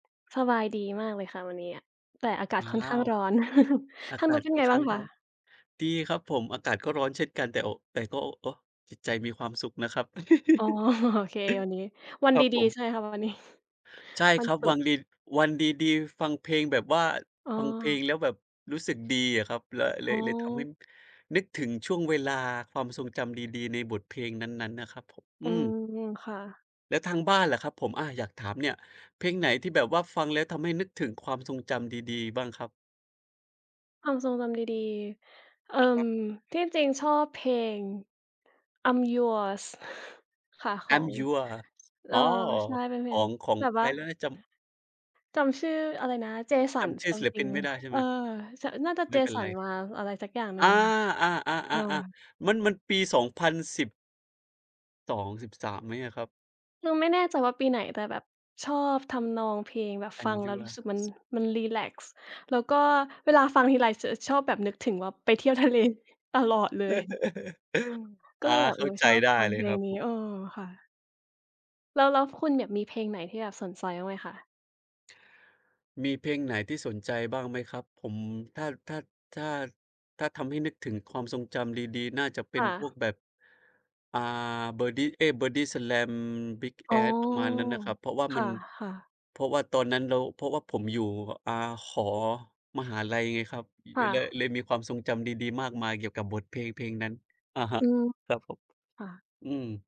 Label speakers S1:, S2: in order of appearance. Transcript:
S1: สบายดีมากเลยค่ะ วันเนี้ย แต่อากา
S2: อ้
S1: ศ
S2: า
S1: ค่อนข้าง
S2: ว
S1: ร้อน
S2: อา
S1: ทาง
S2: ก
S1: น
S2: า
S1: ู้
S2: ศ
S1: นเป็
S2: ค
S1: น
S2: ่อ
S1: ไ
S2: น
S1: ง
S2: ข
S1: บ้
S2: ้
S1: า
S2: า
S1: ง
S2: ง
S1: ค
S2: ร้อน
S1: ะ?
S2: ดีครับผม อากาศก็ร้อนเช่นกัน แต่ โอะ แต่ก็ โอ้ โอ้ จิตใจมีความสุขนะครับ
S1: อ๋อ โอเค วันนี้ วัน
S2: คร
S1: ด
S2: ับ
S1: ี
S2: ผม
S1: ๆ ใช่ค่ะ วัน นี้
S2: ใช่
S1: วั
S2: ค
S1: น
S2: รับ
S1: ศุ
S2: วั
S1: กร์
S2: งดี วันดี ๆ ฟังเพลงแบบว่า
S1: อ๋อ
S2: ฟังเพลงแล้วแบบรู้สึกดีอะครับ ล เล
S1: อ๋
S2: ย เลยทำให้
S1: อ
S2: นึกถึงช่วงเวลา ความทรงจำดี ๆ ในบทเพลงนั้น ๆ นะครับผม
S1: อ
S2: อ
S1: ื
S2: ืม
S1: ม ค่ะ
S2: แล้วทางบ้านล่ะครับผม อา อยากถามเนี่ย เพลงไหนที่แบบว่าฟังแล้วทำให้นึกถึงความทรงจำดี ๆ บ้างครับ?
S1: ความทรงจำดี ๆ เอ่
S2: คร
S1: อ
S2: ับ
S1: ที่จริงชอบเพลง I'm yours ค่ะ ขอ
S2: I'm
S1: ง
S2: yours
S1: เอ
S2: อ
S1: ่
S2: ๋
S1: อ
S2: อ
S1: ใช่ เป็นเพ
S2: ข
S1: ล
S2: อ
S1: ง
S2: ง ของ
S1: แบบ
S2: ใค
S1: ว่
S2: ร
S1: า
S2: แล้วนะ จำ
S1: จำชื่ออะไรนะ
S2: จ
S1: Jason
S2: ำชื่อศิลปิ
S1: something
S2: นไม่ได้ใช่
S1: เอ
S2: ไห
S1: อ
S2: ม?
S1: ช น่าจะ
S2: ไม่เป็นไร
S1: Jason Ma อะไรสักอย่างหนึ่
S2: อ
S1: ง
S2: า
S1: ค่ะ อืม
S2: ๆ ๆ ๆ มัน มันปี 2010 2 13 ไหมอะครับ?
S1: เราไม่แน่ใจว่าปีไหน แต่แบบชอบทำนองเพลง แบบฟัง
S2: I'm
S1: แล้วรู้สึกมัน
S2: yours
S1: มันรีแลกซ์ แล้วก็
S2: ครับ
S1: เวลาฟังทีไรจะชอบแบบนึกถึงว่าไปเที่ยว ทะเล ตลอดเลย ก
S2: อ
S1: ็
S2: า
S1: เลยแบบ
S2: เข
S1: เ
S2: ้
S1: อ
S2: า
S1: อ
S2: ใจ
S1: ชอบ
S2: ได้
S1: ฟัง
S2: เล
S1: เพ
S2: ย
S1: ล
S2: คร
S1: ง
S2: ั
S1: นี้
S2: บ
S1: เออ ค่ะ แล้ว แล้วคุณเนี่ยมีเพลงไหนที่แบบสนใจ บ้างไหมคะ?
S2: มีเพลงไหนที่สนใจบ้างไหมครับผม ถ้า ถ้า ถ้า ถ้าทำให้นึกถึงความทรงจำดี ๆ น่าจะเป
S1: ค
S2: ็น
S1: ่
S2: พว
S1: ะ
S2: กแบบ อ่า Birdy เอ๊ย Bodyslam Big
S1: อ๋อ
S2: Ass ประมาณนั้นน่ะครับ เพราะว่า
S1: ค
S2: มัน
S1: ่ะ ๆ
S2: เพราะว่าตอนนั้นเรา เพราะว่าผมอยู่ อ่า หอมหาลัยไงครับ
S1: ค่
S2: เลย
S1: ะ
S2: เลยมีความทรงจำดี ๆ มากมายเกี่ยวกับบทเพลง เพลงนั้น อะฮ
S1: อ
S2: ะ
S1: ืม
S2: ครับผม
S1: ค่ะ
S2: อืม